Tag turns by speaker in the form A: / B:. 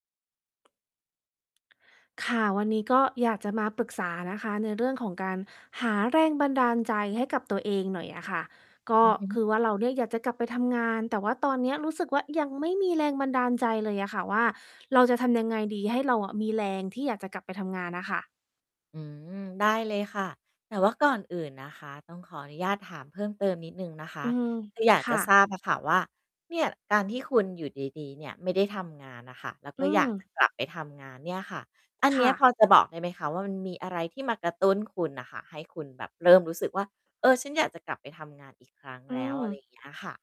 A: ค่ะ วันนี้ก็อยากจะมาปรึกษานะคะ ในเรื่องของการหาแรงบันดาลใจให้กับตัวเองหน่อยอะค่ะ ก็
B: อือฮึ
A: คือว่าเราเนี่ยอยากจะกลับไปทำงาน แต่ว่าตอนเนี้ยรู้สึกว่ายังไม่มีแรงบันดาลใจเลยอะค่ะว่า เราจะทำยังไงดีให้เราอะมีแรงที่อยากจะกลับไปทำงานน่ะค่ะ?
B: อืม ได้เลยค่ะ แต่ว่าก่อนอื่นนะคะ ต้องขออนุญาตถามเพิ่มเติมนิดหนึ่งนะค
A: อ
B: ะ
A: ือ
B: คืออยาก
A: ค
B: จ
A: ่
B: ะท
A: ะ
B: ราบอะค่ะว่า เนี่ยการที่คุณอยู่ดี ๆ เนี่ย ไม่ได้ทำงานน่ะค่ะ แล้ว
A: อ
B: ก
A: ื
B: ็อยากจ
A: ม
B: ะกลับไปทำงานเนี่ยค่ะ อัน
A: ค
B: เนี้
A: ่
B: ยพ
A: ะ
B: อจะบอกได้ไหมคะว่า มันมีอะไรที่มากระตุ้นคุณน่ะค่ะ ให้คุณแบบเริ่มรู้สึกว่า "เออ ฉันอยากจะกลับไปทำงานอีกครั้ง
A: อื
B: แล้ว" อะไ
A: อ
B: รอย่างเงี้ยค่ะ?